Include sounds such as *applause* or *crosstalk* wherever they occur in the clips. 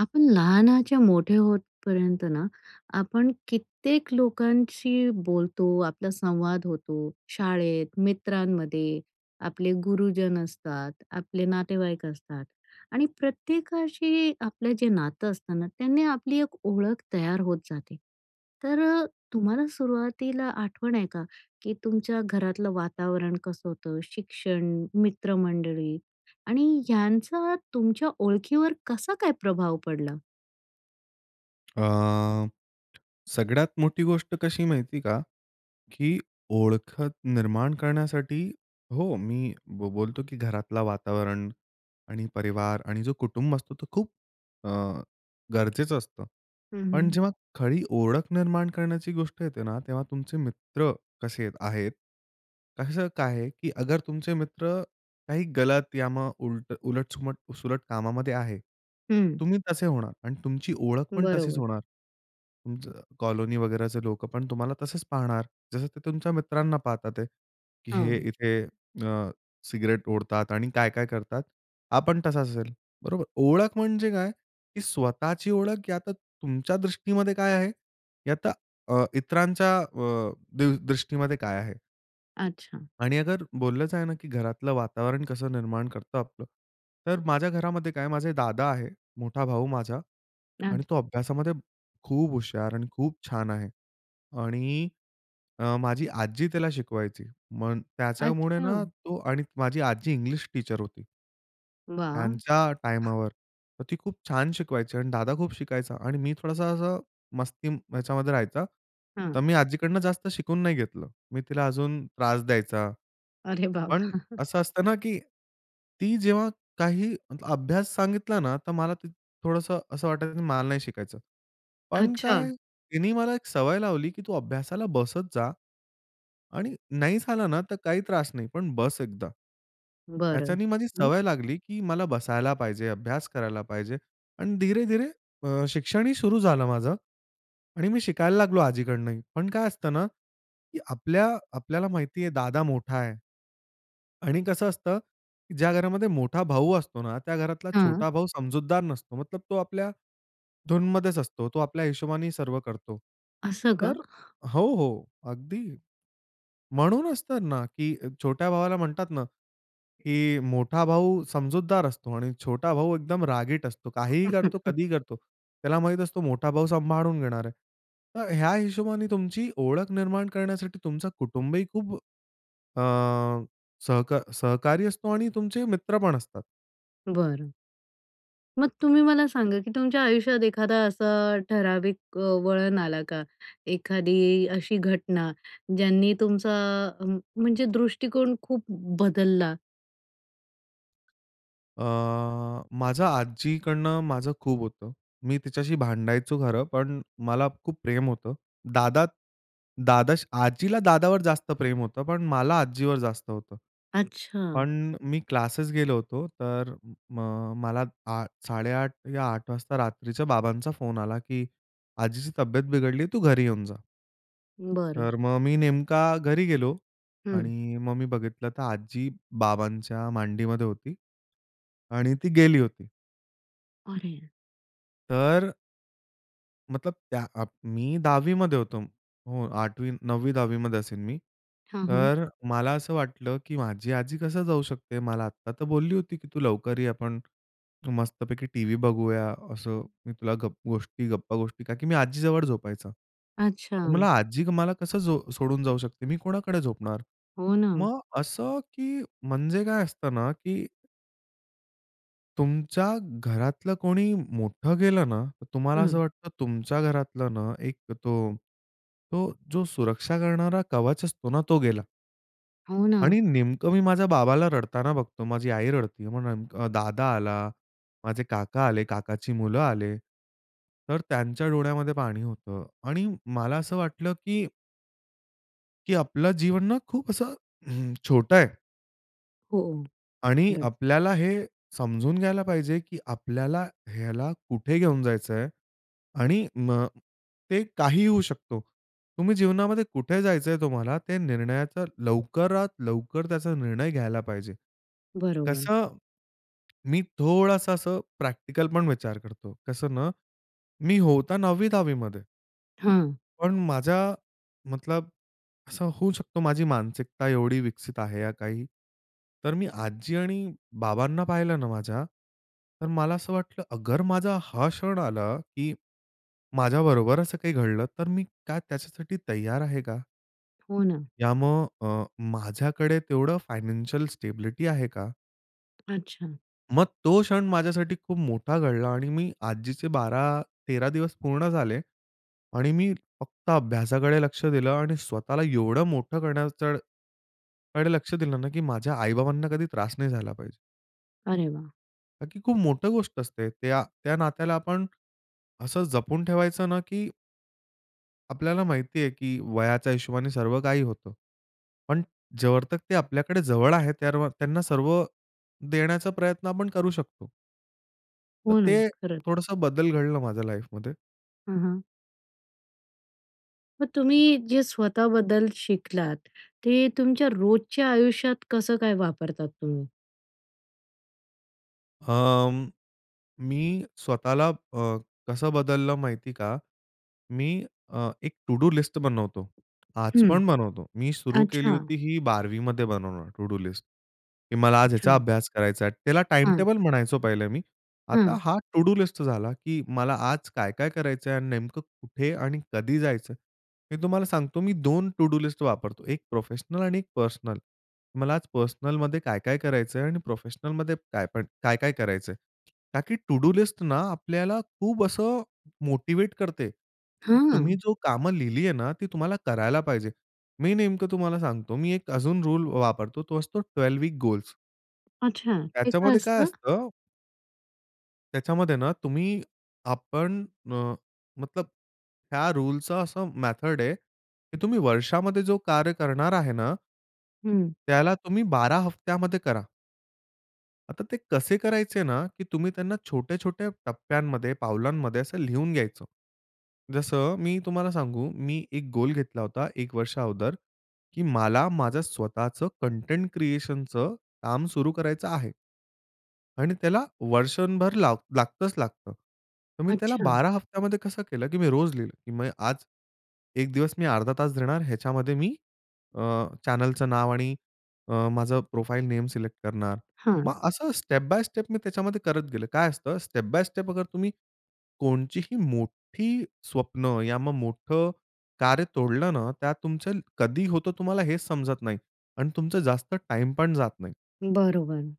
आपण लहानाच्या मोठे होतपर्यंत ना, आपण कित्येक लोकांशी बोलतो, आपला संवाद होतो. शाळेत, मित्रांमध्ये आपले गुरुजन असतात, आपले नातेवाईक असतात. आणि प्रत्येकाशी आपलं जे नातं असतं ना, त्यांनी आपली एक ओळख तयार होत जाते. तर अ, तुम्हाला सुरुवातीला आठवण आहे का? की तुमच्या घरातलं वातावरण कसं होतं, शिक्षण, मित्रमंडळी आणि ह्यांचा तुमच्या ओळखीवर कसा काय प्रभाव पडला? अ, सगळ्यात मोठी गोष्ट कशी माहिती आहे का, की ओळखत निर्माण करण्यासाठी हो, मी ब बोलतो की घरातला वातावरण आणि परिवार आणि जो कुटुंब असतो तो खूप अ, गरजेचं असतं. हं, पण हं. जेव्हा खरी ओळख निर्माण करण्याची गोष्ट येते ना, तेव्हा तुमचे मित्र कसे अ, आहेत? कसं काय आहे, की अगर तुमचे मित्र काही गलत या मग उलटं उलट-सुलट- सुलट कामामध्ये आहे, हं. तुम्ही तसे होणार आणि तुमची ओळख पण तशीच बरोबर. होणार. तुमचं कॉलोनी वगैरेचे लोकं पण तुम्हाला तसेच पाहणार. जसं ते तुमच्या मित्रांना पाहतात आहेत, की हे हां. इथे अ, सिगारेट ओढतात आणि काय-काय करतात. हा पण तसा असेल, बरोबर? ओळख म्हणजे काय, की स्वतःची ओळख या तर तुमच्या दृष्टीमध्ये काय आहे, या तर अ, इतरांच्या अ, दृ दृष्टीमध्ये काय आहे? अच्छा. आणि अगर बोललंच आहे ना की घरातलं वातावरण कसं निर्माण करतं आपलं. तर माझ्या घरामध्ये काय माझे दादा आहे, मोठा भाऊ माझा आणि तो *unintelligible* अभ्यासामध्ये खूप हुशार आणि खूप छान आहे. आणि अ, माझी आजी त्याला शिकवायची, मग त्याच्यामुळे अच्छा. ना तो आणि माझी आजी इंग्लिश टीचर होती वाह! त्यांच्या टायमावर. तर ती खूप छान शिकवायची आणि दादा खूप शिकायचा आणि मी थोडासा असा मस्ती ह्याच्यामध्ये राहायचा. हं. मी आजीकडनं जास्त शिकून नाही घेतलं. मी तिला अजून त्रास द्यायचा. अरे पण बाबा! असं असतं ना की ती जेव्हा काही मतलब अभ्यास सांगितला ना, तर मला ते थोडंसं असं वाटायचं की मला नाही शिकायचं. पण काय? अच्छा. तिने मला एक सवय लावली की तू अभ्यासाला बसत जा आणि नाही झाला ना, तर काही त्रास नाही, पण बस एकदा. बरं. त्याच्यानी माझी हं. सवय लागली की मला बसायला पाहिजे, अभ्यास करायला पाहिजे आणि धीरे-धीरे अ, शिक्षण ही सुरू झालं माझं आणि मी शिकायला लागलो आजीकडनं ही. पण काय असतं ना की आपल्या आपल्याला माहिती आहे दादा मोठा आहे आणि कसं असतं की ज्या घरामध्ये मोठा भाऊ असतो ना, त्या घरातला हं. छोटा भाऊ समजूतदार नसतो, मतलब तो आपल्या धूनमध्येच असतो. तो आपल्या हिशोबाने सर्व करतो. असं का? तर *chuckles* हो, हो, अगदी. म्हणूनच तर ना की अ, छोट्या भावाला म्हणतात ना की मोठा भाऊ समजूतदार असतो आणि छोटा भाऊ एकदम रागीट असतो, काहीही करतो, *chuckles* कधीही करतो. त्याला माहीत असतो, मोठा भाऊ सांभाळून घेणार आहे. तर ह्या हिशोबाने तुमची ओळख निर्माण करण्यासाठी तुमचं कुटुंब ही खूप अ, सहका सहकारी असतो आणि तुमचे मित्र पण असतात. बरं. मग तुम्ही मला सांगा, की तुमच्या आयुष्यात एखादा असा ठराविक अ, वळण आला का? एखादी अशी घटना, ज्यांनी तुमचा अ, म म्हणजे दृष्टिकोन खूप बदलला? अ, माझं आज्जीकडनं माझं खूप होतं. मी तिच्याशी भांडायचो खरं, पण मला खूप प्रेम होतं, दादा, दादा आजीला दादावर जास्त प्रेम होतं, पण मला आजीवर जास्त होतं. अच्छा. पण अ, मी क्लासेस गेलो होतो, तर म मला आ 8:30 या 8:00 वाजता रात्रीच्या बाबांचा फोन आला, की "आजीची तब्येत बिघडली, तू घरी येऊन जा." बरं. तर मग मी नेमका घरी गेलो हं. आणि मग मी बघितलं, तर आजी बाबांच्या मांडीमध्ये होती. आणि ती गेली होती. अरे! तर मतलब त्या अ, मी 10वीमध्ये होतो. हो, 8वी 9वी-10वीमध्ये असेन मी, हां, हां. तर अ, मला असं वाटलं, की माझी आजी कसं जाऊ शकते, मला आत्ता तर बोलली होती की "तू लवकर ये, आपण मस्तपैकी टीव्ही बघूया" असं, "मी तुला गप गोष्टी, गप्पा-गोष्टी" का की मी आजी जवळ झोपायचा, तर अच्छा. मला आजी मला कसं जो सोडून जाऊ शकते? मी कोणाकडे झोपणार? हो, ना. मग अ, असं की म्हणजे काय असतं ना, की तुमच्या घरातलं कोणी मोठं गेलं ना, तुम्हाला असं हं. वाटतं तुमच्या घरातलं ना, एक तो तो जो सुरक्षा करणारा कवच असतो ना, तो गेला. हो ना. आणि नेमकं मी माझ्या बाबाला रडताना बघतो. माझी आई रडती आहे. मग नेमकं अ, दादा आला, माझे काका आले, काकाची मुलं आले. तर त्यांच्या डोळ्यामध्ये पाणी होतं आणि मला असं वाटलं की की आपलं जीवन ना, खूप असं हं, छोटं आहे. हो. आणि खरंच. आपल्याला हे समजून घ्यायला पाहिजे, की आपल्याला ह्याला कुठे घेऊन जायचं आहे आणि मग ते काहीही होऊ शकतो. तुम्ही जीवनामध्ये कुठे जायचं आहे तुम्हाला, ते निर्णयाचा लवकरात लवकर त्याचा निर्णय घ्यायला पाहिजे. बरोबर. कसं, मी थोडंसं असं प्रॅक्टिकल पण विचार करतो. कसं ना, मी होतो 9वी-10वीमध्ये हां. पण माझ्या मतलब असं होऊ शकतो माझी मानसिकता एवढी विकसित आहे, या काही, तर मी आजी आणि बाबांना पाहिलं ना माझ्या, तर मला असं वाटलं अगर माझा हा क्षण आला, की माझ्याबरोबर असं काही घडलं. तर मी काय त्याच्यासाठी तयार आहे का? हो ना. यामुळे अ, माझ्याकडे तेवढं फायनान्शियल स्टॅबिलिटी आहे का? अच्छा. मग तो क्षण माझ्यासाठी खूप मोठा घडला आणि मी आजीचे 12-13 दिवस पूर्ण झाले आणि मी फक्त अभ्यासाकडे लक्ष दिलं आणि स्वतःला एवढं मोठं करण्याकडं कडे, लक्ष दिलं ना की माझ्या आई-बाबांना कधी त्रास नाही झाला पाहिजे. अरे वाह! का की खूप मोठं गोष्ट असते. त्या, त्या, नात्याला आपण असं जपून ठेवायचं ना की आपल्याला माहिती आहे, की वयाच्या हिशोबाने सर्व काही होतं. पण जोवर ते आपल्याकडे जवळ आहेत, तोवर त्यांना सर्व देण्याचा प्रयत्न आपण करू शकतो. तर हो ना. ते खरंच. थोडंसं बदल घडला माझ्या लाईफमध्ये. हं, हं. मग तुम्ही जे स्वतःबद्दल शिकलात ते तुमच्या रोजच्या आयुष्यात कसं काय वापरतात तुम्ही? अं, मी स्वतःला अ, कसं बदललं माहिती आहे का? मी अ, एक टु-डू लिस्ट बनवतो. आज हं. पण बनवतो. मी सुरु केली अच्छा. होती ही 12वीमध्ये बनवणं टु-डू लिस्ट की मला आज याचा अचानक अभ्यास करायचा आहे. त्याला टाइम हं. टेबल म्हणायचो पहिलं मी. आता हं. हा टु-डू लिस्ट झाला की मला आज काय-काय करायचं आहे? आणि नेमकं कुठे आणि कधी जायचंय? मी तुम्हाला सांगतो मी 2 टु-डू लिस्ट वापरतो. एक प्रोफेशनल आणि एक पर्सनल. मला आज पर्सनलमध्ये काय-काय करायचंय? आणि प्रोफेशनलमध्ये काय पण काय-काय करायचंय? का की टु-डू लिस्ट ना, आपल्याला खूप असं मोटिवेट करते की हं. तुम्ही अ. जो कामं लिहिली आहे ना ती तुम्हाला करायला पाहिजे. मी नेमकं तुम्हाला सांगतो मी एक अजून रूल वापरतो तो असतो 12 वीक गोल. अच्छा. ते काय त्याच्यामध्ये काय असतं? असतं त्याच्यामध्ये ना तुम्ही, आपण अ, मतलब या रूलचं असं मेथड आहे की तुम्ही वर्षामध्ये जो कार्य करणार आहे ना हं. त्याला तुम्ही 12 हफ्त्यामध्ये करा. आता ते कसे करायचे ना की तुम्ही त्यांना छोट्या-छोट्या टप्प्यांमध्ये, पावलांमध्ये असं लिहून घ्यायचं. जसं मी तुम्हाला सांगू, मी एक गोल घेतला होता, एक वर्षा अगोदर की मला माझं स्वतःचं कंटेंट क्रिएशनचं काम सुरू करायचं आहे. आणि त्याला वर्षभर ला लागतंच लागतं. तर मी त्याला अच्छा. 12 हप्त्यामध्ये कसं केलं? की मी रोज लिहिलं की म्हणजे आज 1 दिवस मी अर्धा तास देणार, ह्याच्यामध्ये मी अ, चॅनेलचं नाव आणि अ, माझं प्रोफाइल नेम सिलेक्ट करणार. हां. मग असं स्टेप बाय स्टेप मी त्याच्यामध्ये करत गेलो. काय असतं स्टेप बाय स्टेप अगर तुम्ही कोणची ही मोठी स्वप्न, या मग मोठं कार्य तोडलं ना, त्यात तुमचं *unintelligible* कधी होतं तुम्हाला हेच समजत नाही आणि तुमचं जास्त टाईम पण जात नाही. बरोबर.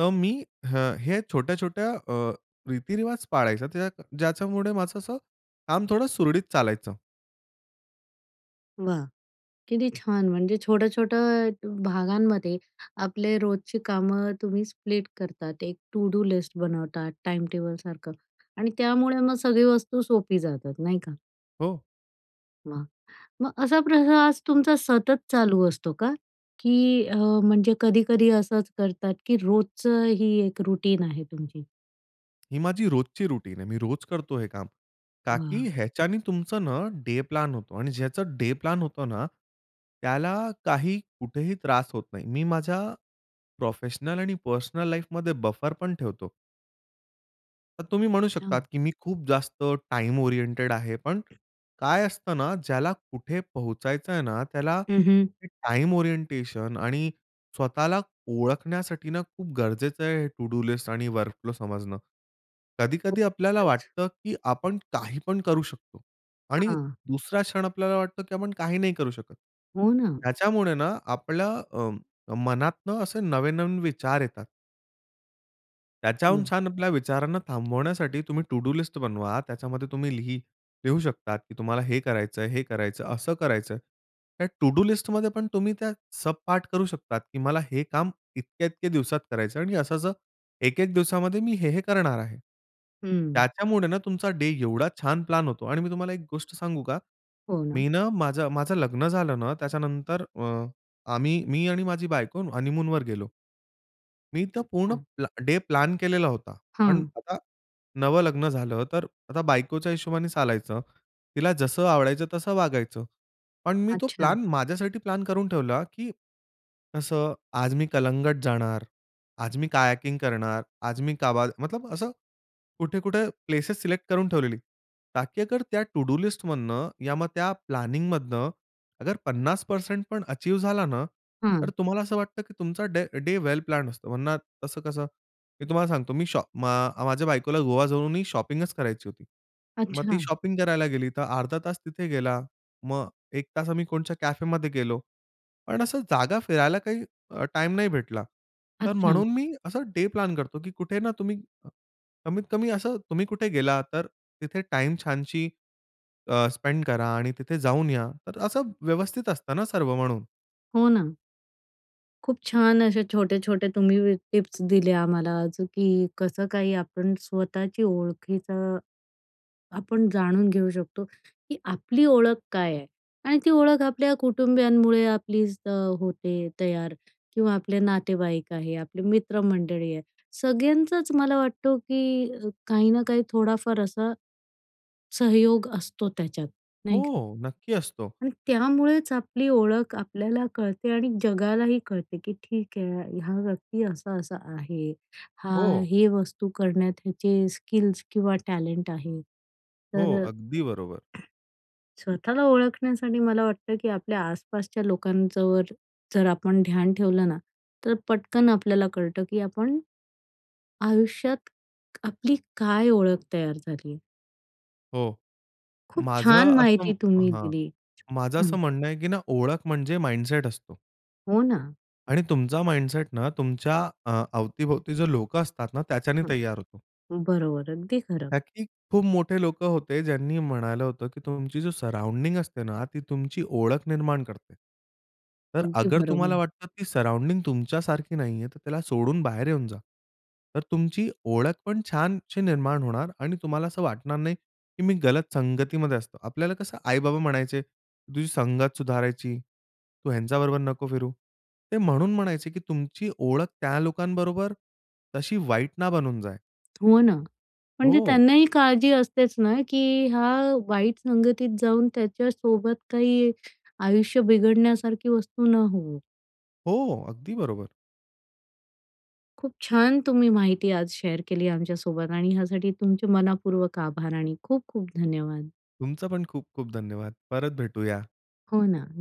तर मी ह हे छोट्या-छोट्या अ, रीतिरिवाज पाळायचा त्याच ज्याच्यामुळे माझं असं काम थोडं सुरळीत चालायचं. वाह! किती छान! म्हणजे छोटं-छोटं भ भागांमध्ये, आपले रोजची कामं तुम्ही स्प्लिट करतात. एक टू-डू लिस्ट बनवतात, टाईमटेबलसारखं आणि त्यामुळे मग सगळी वस्तू सोपी जातात, नाही का? हो. वाह! मग असा प्रयास तुमचा सतत चालू असतो का? की अ, म्हणजे कधी-कधी असंच करतात की रोजचं ही एक रूटीन आहे तुमची? ही माझी रोजची रुटीन आहे. मी रोज करतो हे काम, का की वाह! ह्याच्याने तुमचं ना, डे प्लान होतो आणि ज्याचं डे प्लान होतो ना, त्याला काही कुठेही त्रास होत नाही. मी माझ्या प्रोफेशनल आणि पर्सनल लाईफमध्ये बफर पण ठेवतो. तर तुम्ही म्हणू शकता छान. की मी खूप जास्त टाईम ओरिएंटेड आहे, पण काय असतं ना, ज्याला कुठे पोहचायचं आहे ना, त्याला हं, हं. ते टाईम ओरिएंटेशन आणि स्वतःला ओळखण्यासाठी ना, खूप गरजेचं आहे हे टू-डू लिस्ट आणि वर्क फ्लो समजणं. हो. कधी-कधी आपल्याला खरंच. वाटतं की आपण काही पण करू शकतो आणि हां. दुसरा क्षण आपल्याला वाटतं की आपण काही नाही करू शकत. हो ना. त्याच्यामुळे ना आपल्या अ, अ, मनातनं असे नवनवीन विचार येतात. त्याच्याहून *unintelligible* छान आपल्या विचारांना थांबवण्यासाठी तुम्ही टू-डू लिस्ट बनवा, त्याच्यामध्ये तुम्ही लिह लिहू शकतात की तुम्हाला हे करायचंय, हे करायचं, असं करायचं. त्या टू-डू लिस्टमध्ये पण तुम्ही त्या सबपार्ट करू शकता की मला हे काम इतक्या-इतक्या दिवसात करायचं आणि असं असं एक एक दिवसामध्ये मी हे-हे करणार आहे. हम्म. त्याच्यामुळे ना तुमचा डे एवढा छान प्लान होतो आणि मी तुम्हाला एक गोष्ट सांगू का, हो ना. मी ना माझं, माझं लग्न झालं ना, त्याच्यानंतर अ, आम्ही मी आणि माझी बायको हनीमूनवर गेलो. मी तर पूर्ण अच्छा. प्लॅ डे प्लॅन केलेला होता. पण हां. आता नवं लग्न झालं तर आता बायकोच्या हिशोबाने चालायचं, तिला जसं आवडायचं तसं वागायचं. पण मी तो अच्छा प्लॅन माझ्यासाठी प्लॅन करून ठेवला की असं आज मी कलंगट जाणार, आज मी कयाकिंग करणार, आज मी काबाद मतलब असं कुठे-कुठे प्लेसेस सिलेक्ट करून ठेवलेली, ताकी अगर त्या टू-डू लिस्टमधनं, या मग त्या प्लॅनिंगमधनं अगर 50% पण अचीव्ह झालं ना, तर हां. तुम्हाला असं वाटतं की तुमचा डे डे वेल प्लॅन्ड असतो. वरना तसं कसं मी तुम्हाला सांगतो, मी शॉ अ, माझ्या बायकोला गोवा जाऊनही शॉपिंगच करायची होती. मग ती अच्छा. शॉपिंग करायला गेली तर अर्धा तास तिथे गेला, मग 1 तास आम्ही कोणत्या कॅफेमध्ये गेलो. पण असं जागा फिरायला काही अ, टाईम नाही भेटला. तर अच्छा. म्हणून मी अ, डे प्लॅन करतो की कुठे ना तुम्ही कमीत कमी असं तुम्ही कुठे गेला तर तिथे टाईम छानसी अ, स्पेंड करा आणि तिथे जाऊन या, तर असं व्यवस्थित असतं ना सर्व म्हणून. हो, ना. खूप छान असे छोटे-छोटे तुम्ही वी टिप्स दिले आम्हाला आज, की कसं काही आपण स्वतःची ओळखीचा, आपण जाणून घेऊ शकतो, की आपली ओळख काय आहे. आणि ती ओळख आपल्या कुटुंबीयांमुळे आपलीच अ, होते तयार किंवा आपले नातेवाईक आहे, आपले मित्रमंडळी आहे, सगळ्यांचंच मला वाटतो, की काही ना काही थोडाफार असा सहयोग असतो, त्याच्यात नाही का? हो, नक्की असतो. आणि त्यामुळेच आपली ओळख आपल्याला कळते आणि जगालाही कळते, की ठीक आहे, हा व्यक्ती असा-असा आहे, हा हो. हे वस्तू करण्यात याचे स्किल्स किंवा टॅलेंट आहे. हो, तर अ अगदी बरोबर. स्वतःला ओळखण्यासाठी मला वाटतं की आपल्या आसपासच्या लोकांच्यावर जर आपण ध्यान ठेवलं ना, तर पटकन आपल्याला कळतं, की आपण आयुष्यात आपली काय ओळख तयार झाली आहे. हो. खूप माझं छान असं माहिती तुम्ही हां, दिली. माझं हां. असं म्हणणं आहे, की ना ओळख म्हणजे माइंडसेट असतो. हो, ना. आणि तुमचा माइंडसेट ना, तुमच्या अ, अवती-भोवती जे लोकं असतात ना, त्याच्याने हां. तैयार होतो. बरोबर, अगदी खरं. कारण की खूप मोठे लोकं होते, ज्यांनी म्हणालं होतं, की तुमची जी सराऊंडिंग असते ना, ती तुमची ओळख निर्माण करते. तर अगदी अगर तुम्हाला बरोबर. वाटतं ती सराऊंडिंग तुमच्यासारखी नाहीये, तर त्याला सोडून बाहेर येऊन जा. तर तुमची ओळखपण छानशी निर्माण होणार आणि तुम्हाला असं वाटणार नाही, की मी गलत संगतीमध्ये असतो. आपल्याला कसं आई-बाबा म्हणायचे तुझी संगत सुधारायची, तू ह्यांच्याबरोबर नको फिरू. ते म्हणून म्हणायचे, की तुमची ओळख त्या लोकांबरोबर तशी वाईट ना बनून जाय. हो, ना, म्हणजे हो. त्यांनाही काळजी असतेच ना, की हा वाईट संगतीत जाऊन, त्याच्यासोबत काही आयुष्य बिघडण्यासारखी वस्तू न होवो. हो, अगदी बरोबर. खूप छान तुम्ही माहिती आज शेअर केली आमच्या सोबत. आणि ह्यासाठी तुमचे मनःपूर्वक आभार आणि खूप-खूप धन्यवाद. तुमचं पण खूप-खूप धन्यवाद. परत भेटूया. हो, ना. न